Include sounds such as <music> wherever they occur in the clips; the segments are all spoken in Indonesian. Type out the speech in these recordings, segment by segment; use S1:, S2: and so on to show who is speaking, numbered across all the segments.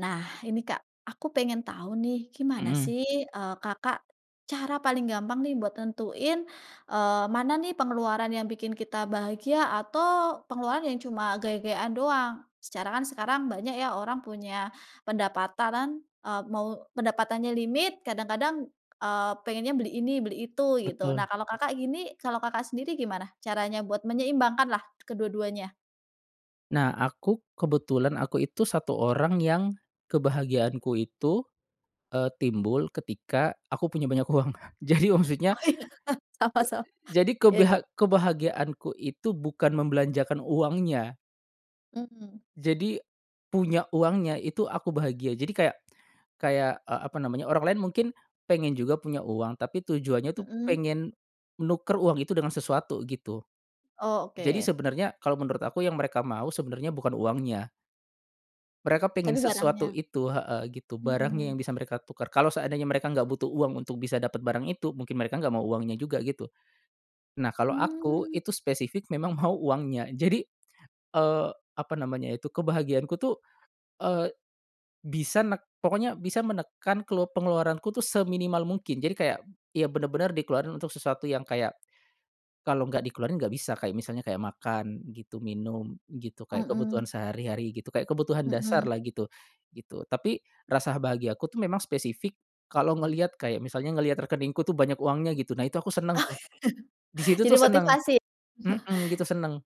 S1: Nah, ini Kak, aku pengen tahu nih gimana
S2: Mhm.
S1: sih, eee, Kakak, cara paling gampang nih buat nentuin, eee, mana nih pengeluaran yang bikin kita bahagia atau pengeluaran yang cuma gaya-gayaan doang. Secara kan sekarang banyak ya orang punya pendapatan, eee, mau pendapatannya limit kadang-kadang, eee, pengennya beli ini beli itu gitu. Nah,
S2: Betul.
S1: kalau Kakak gini kalau Kakak sendiri gimana caranya buat menyeimbangkanlah kedua-duanya?
S2: Nah, aku kebetulan aku itu 1 orang yang, kebahagiaanku itu, eee, timbul ketika aku punya banyak uang Kak. Jadi
S1: Oh,
S2: maksudnya,
S1: iya, sama sama,
S2: jadi,
S1: ya ya.
S2: kebehag kebahagiaanku itu bukan membelanjakan uangnya.
S1: Mmm.
S2: Jadi, punya uangnya itu aku bahagia jadi kayak kayak, eee, apa namanya orang lain mungkin pengen juga punya uang tapi tujuannya tuh
S1: Mhm.
S2: pengen, nuker uang itu dengan sesuatu gitu.
S1: Oh,
S2: Jadi
S1: oke.
S2: sebenarnya kalo menurut aku yang mereka mau sebenarnya bukan uangnya. Mereka pingin
S1: Tapi
S2: sesuatu
S1: barangnya.
S2: itu heeh, gitu barangnya
S1: Mhm.
S2: yang bisa mereka tukar kalo seandainya mereka enggak butuh uang untuk bisa dapat barang itu mungkin mereka enggak mau uangnya juga gitu. Nah, kalo aku
S1: Mmm.
S2: itu spesifik memang mau uangnya jadi, eee, apa namanya itu kebahagiaanku tuh, eee, bisa nek pokoknya bisa menekan kelup pengeluaranku tuh seminimal mungkin jadi kayak, ya benar-benar dikeluarin untuk sesuatu yang kayak, kalau nggak dikeluarin nggak bisa kayak misalnya kayak makan gitu, minum gitu, kayak
S1: Mhm.
S2: kebutuhan sehari-hari gitu kayak kebutuhan dasar
S1: Mhm.
S2: lah gitu, gitu. Tapi, rasa bahagiaku tuh memang spesifik, kalo ngelihat kayak misalnya ngelihat rekeningku tuh banyak uangnya gitu nah itu aku senang tuh. Di
S1: <chuckles>
S2: situ
S1: Jadi
S2: tuh senang,
S1: motivasi.
S2: mhm, gitu
S1: <chuckles>
S2: senang.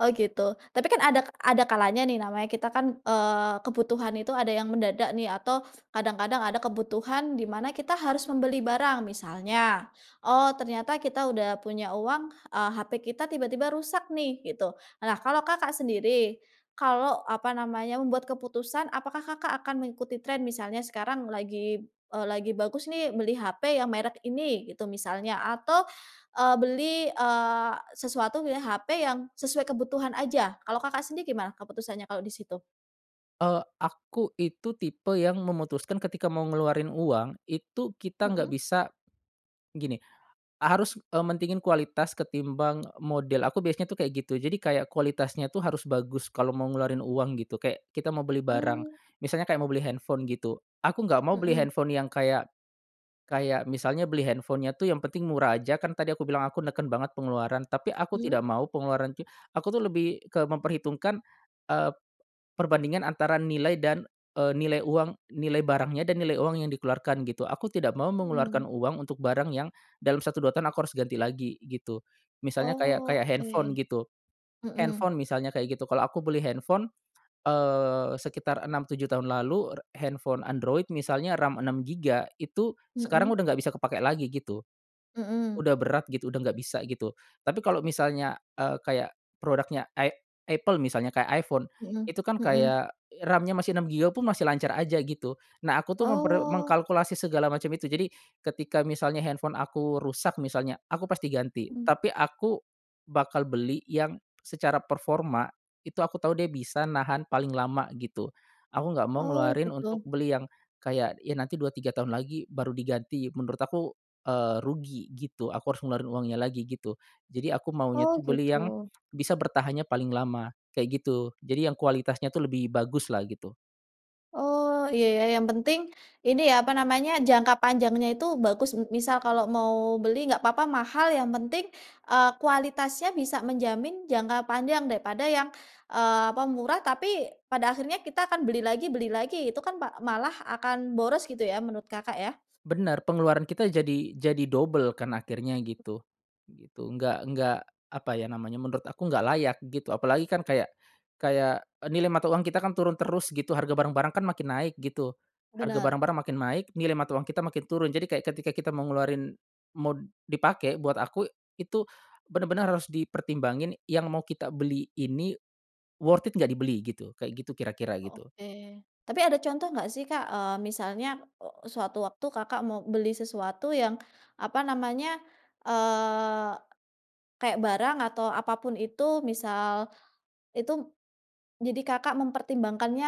S1: Oh, gitu, tapi kan adak ada kalanya nih namanya kita kan, eee, kebutuhan itu ada yang mendadak nih atau, kadang-kadang ada kebutuhan di mana kita harus membeli barang misalnya, oh, ternyata kita udah punya uang, eee, HP kita tiba-tiba rusak nih gitu. Nah, kalau Kakak sendiri, kalau apa namanya membuat keputusan apakah Kakak akan mengikuti tren misalnya sekarang lagi, eee, lagi bagus nih beli HP yang merek ini gitu misalnya atau, eee, beli, eee, sesuatu milih HP yang sesuai kebutuhan aja kalau Kakak sendiri gimana keputusannya kalau di situ?
S2: Eee, aku itu tipe yang memutuskan ketika mau ngeluarin uang itu kita nggak
S1: Mhm.
S2: bisa. Gini a harus, eee, mentingin kualitas ketimbang model aku biasanya tuh kayak gitu jadi kayak kualitasnya tuh harus bagus kalo mau ngeluarin uang gitu kayak kita mau beli barang,
S1: Mmm.
S2: misalnya kayak mau beli handphone gitu, aku nggak mau beli
S1: Mhm.
S2: handphone yang kayak kayak misalnya beli handphone-nya tuh yang penting murah aja kan tadi aku bilang aku neken banget pengeluaran tapi aku
S1: Mhm.
S2: tidak mau pengeluaran ti aku tuh lebih ke memperhitungkan, eee, perbandingan antara nilai dan, eee, nilai uang nilai barangnya dan nilai uang yang dikeluarkan gitu. Aku tidak mau mengeluarkan
S1: Mmm.
S2: uang untuk barang yang, dalam satu, dua tahun aku harus ganti lagi gitu. Misalnya kayak
S1: Oh,
S2: kayak handphone
S1: oke,
S2: gitu,
S1: mhm.
S2: handphone misalnya kayak gitu kalau aku beli handphone, eee, sekitar enam, tujuh tahun lalu r handphone android misalnya RAM 6 giga itu sekarang
S1: Mhm.
S2: udah nggak bisa kepake lagi gitu.
S1: Mhm.
S2: Udah berat gitu udah nggak bisa gitu, tapi kalo misalnya, eee, kayak produknya i Apple misalnya kayak iPhone,
S1: Mhm
S2: itu kan
S1: mhm.
S2: kayak RAM-nya masih 6 giga pun masih lancar aja gitu. Nah, aku tuh memper
S1: Oh.
S2: mengkalkulasi segala macam itu jadi ketika misalnya handphone aku rusak misalnya aku pasti ganti
S1: Mmm.
S2: tapi aku, bakal beli yang secara performa itu aku tahu dia bisa nahan paling lama gitu. Aku nggak mau
S1: Oh,
S2: ngeluarin untuk
S1: gitu.
S2: beli yang kayak ya nanti dua, tiga tahun lagi baru diganti menurut aku, eee, rugi gitu aku harus ngeluarin uangnya lagi gitu. Jadi aku maunya
S1: Oh,
S2: tuh beli yang,
S1: gitu.
S2: bisa bertahannya paling lama kayak gitu. Jadi yang kualitasnya tuh lebih bagus lah gitu.
S1: Oh, iya, ya, yang penting ini ya apa namanya? Jangka panjangnya itu bagus m misal kalau mau beli nggak papa mahal yang penting, eee, kualitasnya bisa menjamin jangka panjang daripada yang, eee, apa murah tapi pada akhirnya kita akan beli lagi beli lagi itu kan pa malah akan boros gitu ya menurut Kakak ya?
S2: Benar, pengeluaran kita jadi jadi double kan akhirnya gitu, gitu. Nggak nggak apa ya namanya menurut aku nggak layak gitu apalagi kan kayak kayak nilai mata uang kita kan turun terus gitu harga barang-barang kan makin naik gitu, harga
S1: Benar.
S2: barang-barang makin naik nilai mata uang kita makin turun jadi kayak ketika kita mau ngeluarin mod dipake buat aku itu benar-benar harus dipertimbangin yang mau kita beli ini, worth it gak dibeli, gitu. Kayak gitu kira-kira gitu.
S1: Oke, tapi ada contoh nggak sih Kak, eee, misalnya o sewaktu waktu Kakak mau beli sesuatu yang apa namanya? Eee, kayak barang atau apa pun itu misal, itu, jadi Kakak mempertimbangkannya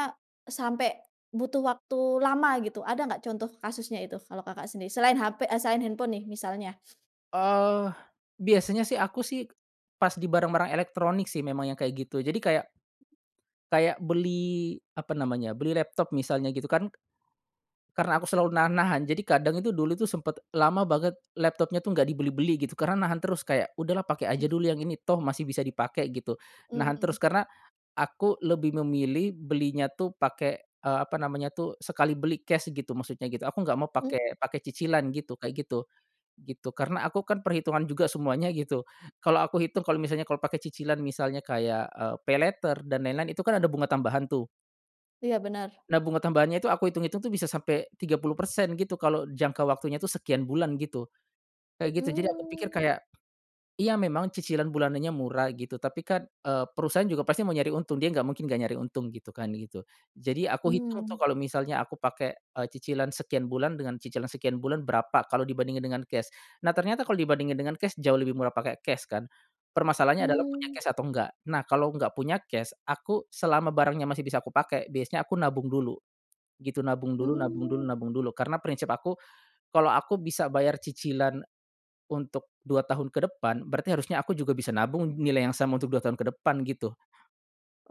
S1: sampe, butuh waktu lama gitu? Ada enggak contoh kasusnya itu kalau Kakak sendiri selain HP eee, selain handphone nih misalnya?
S2: Ah, biasanya sih aku sih, pas di barang-barang elektronik sih memang yang kayak gitu jadi kayak kayak beli apa namanya beli laptop misalnya gitu kan. Karena aku selalu nahan-nahan jadi kadang itu dulu tuh sempat lama banget laptopnya tuh nggak dibeli-beli gitu karena nahan terus kayak udahlah pake aja dulu yang ini toh masih bisa dipake gitu, nahan
S1: Mmm.
S2: terus karena, aku lebih memilih belinya tuh pake, eee, apa namanya tuh sekali beli cash gitu maksudnya gitu aku nggak mau
S1: Mmm.
S2: pake pake cicilan gitu kayak gitu, gitu. Karena aku kan perhitungan juga semuanya gitu, kalau aku hitung kalo misalnya kalo pake cicilan misalnya kayak, eee, paylater dan lain-lain itu kan ada bunga tambahan tuh.
S1: Iya, benar.
S2: Nah, bunga tambahannya itu aku hitung-hitung tuh bisa sampe 30% gitu kalo jangka waktunya tuh sekian bulan gitu. Kayak gitu jadi aku pikir
S1: Mmm.
S2: kayak, iya, memang cicilan bulanannya murah gitu tapi kan, eee, perusahaan juga pasti mau nyari untung dia gak mungkin gak nyari untung gitu kan gitu. Jadi aku hitung tuh
S1: Mmm.
S2: kalo misalnya aku pake, eee, cicilan sekian bulan dengan cicilan sekian bulan berapa kalo dibandingin dengan cash. Nah, ternyata kalo dibandingin dengan cash jauh lebih murah pake cash kan. Permasalahannya adalah punya
S1: Mmm.
S2: cash atau enggak? Nah, kalo enggak punya cash aku selama barangnya masih bisa aku pake biasanya aku nabung dulu, gitu. Nabung dulu nabung dulu
S1: Mmm.
S2: nabung dulu karena prinsip aku, kalau aku bisa bayar cicilan, untuk 2 tahun ke depan berarti harusnya aku juga bisa nabung nilai yang sama untuk 2 tahun ke depan gitu.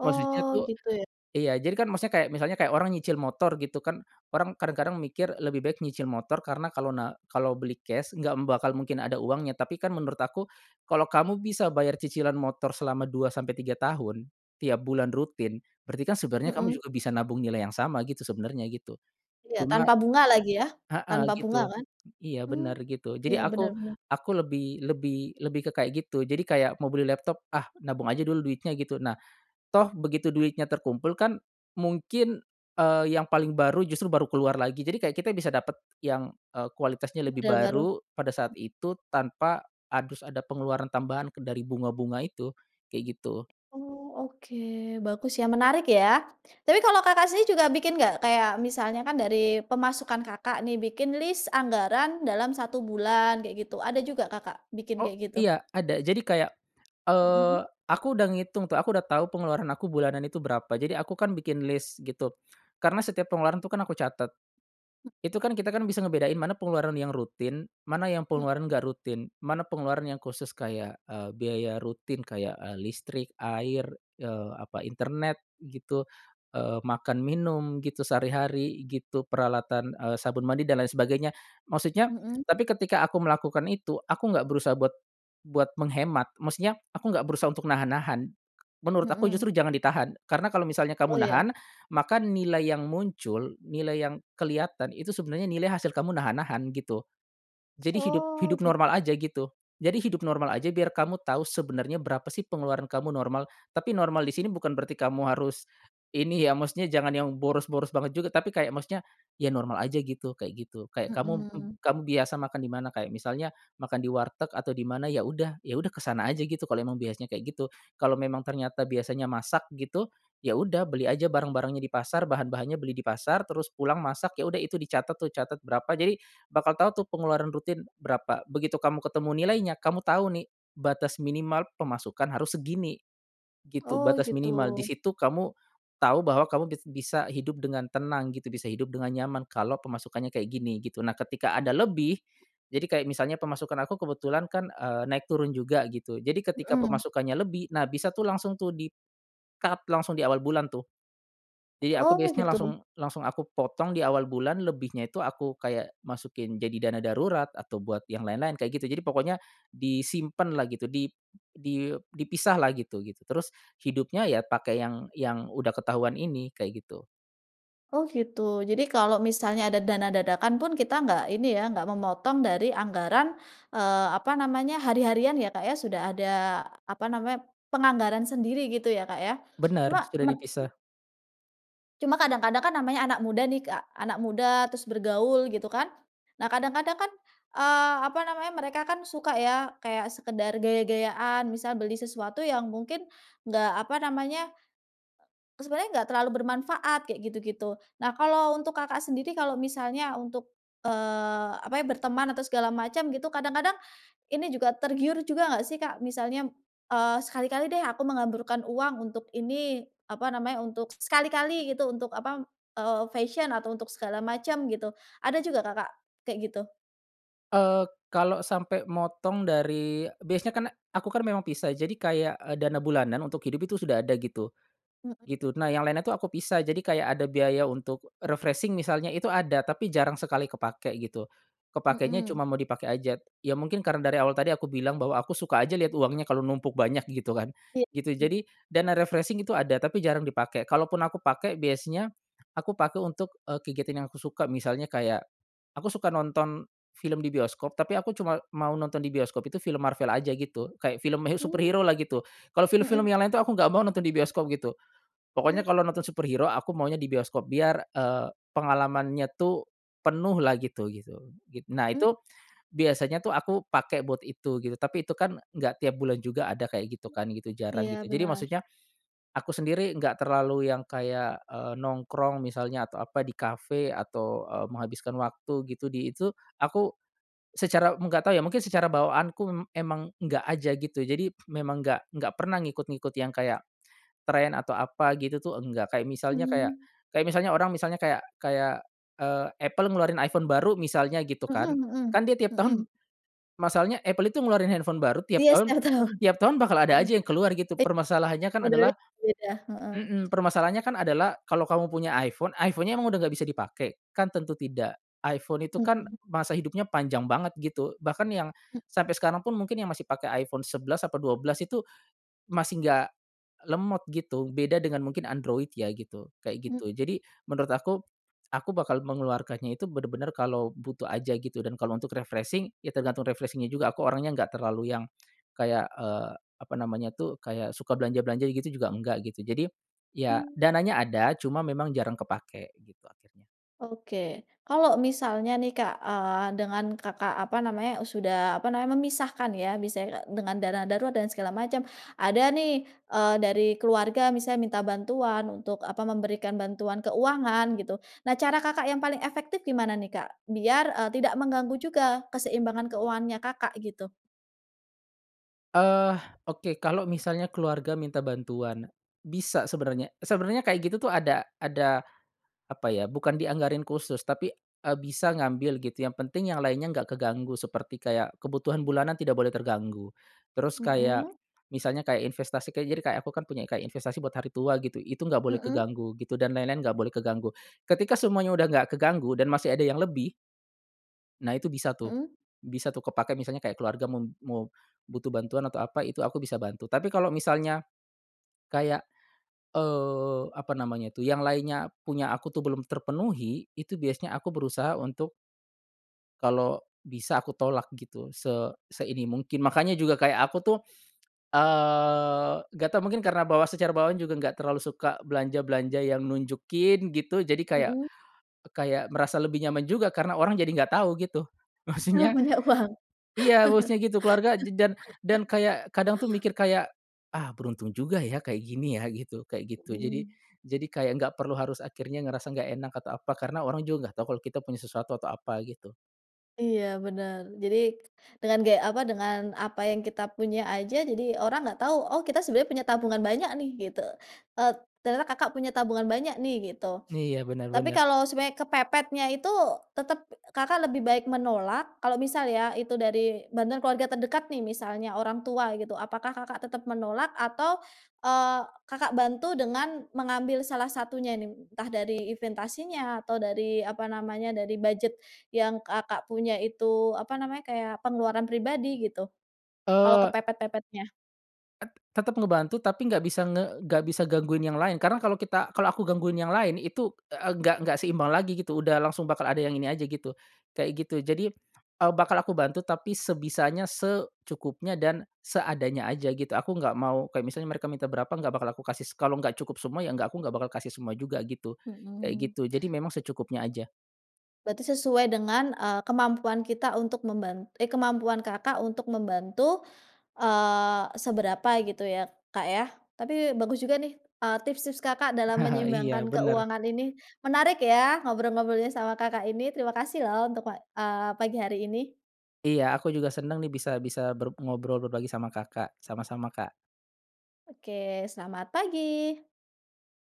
S2: Maksudnya tuh
S1: gitu, ya.
S2: iya, jadi kan maksudnya kayak misalnya kayak orang nyicil motor gitu kan orang kadang-kadang mikir lebih baik nyicil motor karena kalo na kalo beli cash enggak bakal mungkin ada uangnya tapi kan menurut aku, kalau kamu bisa bayar cicilan motor selama 2 sampe 3 tahun, tiap bulan rutin berarti kan sebenarnya kamu
S1: Mhm.
S2: juga bisa nabung nilai yang sama gitu sebenarnya gitu.
S1: Iya,
S2: Cuma
S1: tanpa bunga lagi ya,
S2: heeh,
S1: tanpa bunga
S2: gitu,
S1: kan?
S2: iya,
S1: Mmm,
S2: benar, gitu. Jadi
S1: iya, benar
S2: aku
S1: benar.
S2: aku lebih lebih lebih ke kayak gitu jadi kayak mau beli laptop, ah, nabung aja dulu duitnya gitu. Nah, toh begitu duitnya terkumpul kan mungkin, eee, yang paling baru justru baru keluar lagi jadi kayak kita bisa dapat yang, eee, kualitasnya lebih
S1: Model baru.
S2: baru pada saat itu tanpa harus ada pengeluaran tambahan ke dari bunga-bunga itu, kayak gitu.
S1: Oh, oke, bagus ya menarik ya. Tapi kalau Kakak sendiri juga bikin nggak kayak misalnya kan dari pemasukan Kakak nih bikin list anggaran dalam 1 bulan kayak gitu ada juga Kakak bikin
S2: Oh,
S1: kayak gitu?
S2: iya, ada, jadi kayak,
S1: Mhm.
S2: eee, aku udah ngitung tuh aku udah tahu pengeluaran aku bulanan itu berapa jadi aku kan bikin list gitu, karena setiap pengeluaran tuh kan aku catat. Itu kan kita kan bisa ngebedain mana pengeluaran yang rutin mana yang
S1: Mmm.
S2: pengeluaran nggak rutin? Mana pengeluaran yang khusus kayak, eee, biaya rutin kayak, eee, listrik, air, eee, apa internet gitu, eee, makan, minum gitu, sehari-hari gitu, peralatan, eee, sabun mandi dan lain sebagainya, maksudnya
S1: Mhm.
S2: tapi ketika aku melakukan itu aku nggak berusaha buat buat menghemat maksudnya aku enggak berusaha untuk nahan-nahan. Menurut aku
S1: Mhm.
S2: justru jangan ditahan karena kalo misalnya
S1: Oh,
S2: kamu
S1: ya.
S2: nahan, maka nilai yang muncul, nilai yang kelihatan itu sebenarnya nilai hasil kamu nahan-nahan gitu. Jadi hidup
S1: Oh,
S2: hidup
S1: git
S2: normal aja gitu. Jadi hidup normal aja biar kamu tahu sebenarnya berapa sih pengeluaran kamu normal tapi normal di sini bukan berarti kamu harus, ini ya maksudnya jangan yang boros-boros banget juga tapi kayak maksudnya, ya normal aja gitu kayak gitu kayak kamu m
S1: Mhm.
S2: kamu biasa makan di mana kayak misalnya makan di warteg atau di mana ya udah ya udah ke sana aja gitu kalo emang biasanya kayak gitu. Kalo memang ternyata biasanya masak gitu, ya udah beli aja barang-barangnya di pasar bahan-bahannya beli di pasar terus pulang masak ya udah itu dicatet tuh catet berapa jadi bakal tahu tuh pengeluaran rutin berapa, begitu kamu ketemu nilainya kamu tahu nih, batas minimal pemasukan harus segini, gitu,
S1: Oh,
S2: batas
S1: gitu.
S2: minimal. Di situ kamu, tahu bahwa kamu bis bisa hidup dengan tenang gitu bisa hidup dengan nyaman kalo pemasukannya kayak gini gitu. Nah, ketika ada
S1: Mmm.
S2: lebih, jadi kayak misalnya pemasukan aku kebetulan kan, eee, naik turun juga gitu jadi ketika
S1: Mhm.
S2: pemasukannya lebih, nah, bisa tuh langsung tuh di cut langsung di awal bulan tuh. Jadi aku
S1: Oh,
S2: biasanya
S1: gitu.
S2: langsung langsung aku potong diawal bulan lebihnya itu aku kayak masukin jadi dana darurat atau buat yang lain-lain kayak gitu jadi pokoknya disimpan lah gitu dip di dipisah lah gitu, gitu. Terus hidupnya ya pake yang yang udah ketahuan ini kayak gitu.
S1: Oh, gitu, jadi kalau misalnya ada dana dadakan pun kita nggak ini ya nggak memotong dari anggaran, eee, apa namanya, hari-harian ya, Kak, ya. Sudah ada apa namanya, penganggaran sendiri gitu ya, Kak, ya. Cuma
S2: Benar, sudah
S1: men mhm?
S2: dipisah.
S1: Cuma kadang-kadang kan namanya anak muda nih Kak anak muda terus bergaul gitu kan, nah kadang-kadang kan, eee, apa namanya mereka kan suka ya kayak sekedar gaya-gayaan misal beli sesuatu yang mungkin, enggak apa namanya, sebenarnya enggak terlalu bermanfaat kayak gitu-gitu. Nah, kalau untuk Kakak sendiri kalau misalnya untuk, eee, apa ya berteman atau segala macam gitu kadang-kadang ini juga tergiur juga enggak sih Kak, misalnya, eee, sekali-kali deh aku menghamburkan uang untuk ini apa namanya untuk sekali-kali gitu untuk apa, eee, fashion atau untuk segala macam gitu, ada juga Kakak kayak gitu?
S2: Eee, kalo sampe motong dari biasanya kan aku kan memang pisah jadi kayak, eee, dana bulanan untuk hidup itu sudah ada gitu,
S1: Mhm.
S2: gitu. Nah, yang lainnya tuh aku pisah jadi kayak ada biaya untuk refreshing misalnya itu ada tapi jarang sekali kepake gitu. Kepakenya
S1: Mhm.
S2: cuma mau dipake aja ya mungkin karena dari awal tadi aku bilang bahwa aku suka aja lihat uangnya kalo numpuk banyak gitu kan,
S1: Iya.
S2: gitu. Jadi dana refreshing itu ada tapi jarang dipake kalaupun aku pake biasanya, aku pake untuk, eee, kegiatan yang aku suka misalnya kayak, aku suka nonton film di bioskop tapi aku cuma mau nonton di bioskop itu film Marvel aja gitu kayak film he superhero
S1: Mmm,
S2: lah gitu. Kalau film-film
S1: mhm.
S2: yang lain tuh aku nggak mau nonton di bioskop gitu.
S1: Hmm.
S2: Pokoknya kalo nonton superhero aku maunya di bioskop biar, eee, pengalamannya tuh penuh lah gitu, gitu git nah,
S1: Mmm.
S2: itu biasanya tuh aku pake buat itu gitu tapi itu kan nggak tiap bulan juga ada kayak gitu kan gitu jarang
S1: Iya,
S2: gitu jadi
S1: benar.
S2: maksudnya, aku sendiri nggak terlalu yang kayak, eee, nongkrong misalnya atau apa di kafe atau, eee, menghabiskan waktu gitu di itu aku, secara nggak tahu ya mungkin secara bawaanku m emang nggak aja gitu jadi memang nggak nggak pernah ngikut-ngikut yang kayak, trend atau apa gitu tuh nggak kayak misalnya kayak
S1: Mmm.
S2: kayak misalnya orang misalnya kayak kayak, eee, Apple ngeluarin iPhone baru misalnya gitu
S1: Mhm
S2: kan,
S1: mhm
S2: kan dia tiap
S1: mhm.
S2: tahun, masalahnya Apple itu ngeluarin handphone baru tiap
S1: Iya,
S2: tahun
S1: setiap tahun,
S2: tiap tahun bakal ada
S1: aduh,
S2: aja yang keluar gitu
S1: i
S2: permasalahannya kan adalah
S1: modelnya berbeda, heeh.
S2: mhm, permasalahannya kan adalah kalau kamu punya iPhone, iPhone-nya emang udah nggak bisa dipake? Kan tentu tidak. iPhone itu kan
S1: Mhm.
S2: masa hidupnya panjang banget gitu bahkan yang,
S1: Hmm.
S2: sampe sekarang pun mungkin yang masih pake iPhone 11 apa 12 itu, masih nggak, lemot gitu. Beda dengan mungkin Android ya gitu kayak
S1: Mmm.
S2: gitu. Jadi menurut aku, aku bakal mengeluarkannya itu benar-benar kalo butuh aja gitu dan kalo untuk refreshing ya tergantung refreshing-nya juga aku orangnya enggak terlalu yang, kayak, eee, apa namanya tuh kayak suka belanja-belanja gitu juga enggak gitu. Jadi, ya
S1: Mmm.
S2: dananya ada cuma memang jarang kepake gitu akhirnya.
S1: Oke, kalau misalnya nih Kak, eee, dengan Kakak apa namanya sudah apa namanya memisahkan ya bisa dengan dana darurat dan segala macem ada nih, eee, dari keluarga misalnya minta bantuan untuk apa memberikan bantuan keuangan gitu, nah, cara Kakak yang paling efektif gimana nih Kak? Biar, eee, tidak mengganggu juga keseimbangan keuangannya Kakak gitu?
S2: Eee, oke, kalo misalnya keluarga minta bantuan, bisa sebenarnya sebenarnya kayak gitu tuh ada ada apa ya bukan dianggarin khusus tapi, eee, bisa ngambil gitu yang penting yang lainnya nggak keganggu seperti kayak kebutuhan bulanan tidak boleh terganggu, terus kayak,
S1: Mhm.
S2: misalnya kayak investasi kayak jadi kayak aku kan punya kayak investasi buat hari tua gitu, itu enggak boleh
S1: Mhm.
S2: keganggu gitu dan lain-lain enggak boleh keganggu. Ketika semuanya udah enggak keganggu dan masih ada yang lebih nah, itu bisa tuh
S1: Mhm.
S2: bisa tuh kepake misalnya kayak keluarga mau mau butuh bantuan atau apa itu aku bisa bantu. Tapi kalo misalnya kayak, eee, apa namanya tuh yang lainnya punya aku tuh belum terpenuhi, itu biasanya aku berusaha untuk kalo bisa aku tolak gitu se se ini mungkin. Makanya juga kayak aku tuh, eee, nggak tahu mungkin karena bawa secara bawaan juga nggak terlalu suka belanja-belanja yang nunjukin gitu jadi kayak
S1: Mhm.
S2: kayak merasa lebih nyaman juga karena orang jadi nggak tahu gitu.
S1: Kalau
S2: Maksudnya
S1: banyak uang.
S2: iya,
S1: <laughs>
S2: bosnya gitu keluarga je dan dan kayak kadang tuh mikir kayak, ah, beruntung juga ya kayak gini ya gitu kayak gitu. Jadi
S1: Mhm.
S2: jadi kayak nggak perlu harus akhirnya ngerasa gak enak atau apa karena orang juga nggak tahu kalo kita punya sesuatu atau apa gitu.
S1: Iya, benar, jadi, dengan gaya apa dengan apa yang kita punya aja jadi orang nggak tahu, oh, kita sebenarnya punya tabungan banyak nih gitu, eee, ternyata Kakak punya tabungan banyak nih gitu,
S2: Iya, benar
S1: tapi
S2: benar.
S1: kalau sebenarnya kepepetnya itu tetap Kakak lebih baik menolak kalau misal ya itu dari bantuan keluarga terdekat nih misalnya orang tua gitu apakah Kakak tetep menolak atau, eee, Kakak bantu dengan mengambil salah satunya nih entah dari investasinya atau dari apa namanya dari budget yang Kakak punya itu apa namanya kayak pengeluaran pribadi gitu? Kalau
S2: Eee
S1: kepepet-pepetnya.
S2: Et tetep ngebantu tapi nggak bisa nge nggak bisa gangguin yang lain karena kalo kita kalo aku gangguin yang lain itu, eee, nggak nggak seimbang lagi gitu udah langsung bakal ada yang ini aja gitu, kayak gitu. Jadi, eee, bakal aku bantu tapi sebisanya, secukupnya, dan seadanya aja gitu. Aku gak mau kayak misalnya mereka minta berapa gak bakal aku kasih se kalo nggak cukup semua ya gak aku gak bakal kasih semua juga gitu, kayak
S1: Mhm.
S2: gitu. Jadi memang secukupnya aja.
S1: Berarti sesuai dengan, eee, kemampuan kita untuk memban eh, kemampuan Kakak untuk membantu, eee, seberapa gitu ya Kak ya? Tapi bagus juga nih, eee, tips-tips Kakak dalam
S2: <chuckles> Iya,
S1: menyeimbangkan
S2: benar.
S1: keuangan ini, menarik ya ngobrol-ngobrolnya sama Kakak ini terima kasih loh untuk wa eee, pagi hari ini.
S2: Iya, aku juga senang nih bisa bisa ber ngobrol berbagi sama Kakak, sama-sama Kak.
S1: Oke, selamat pagi.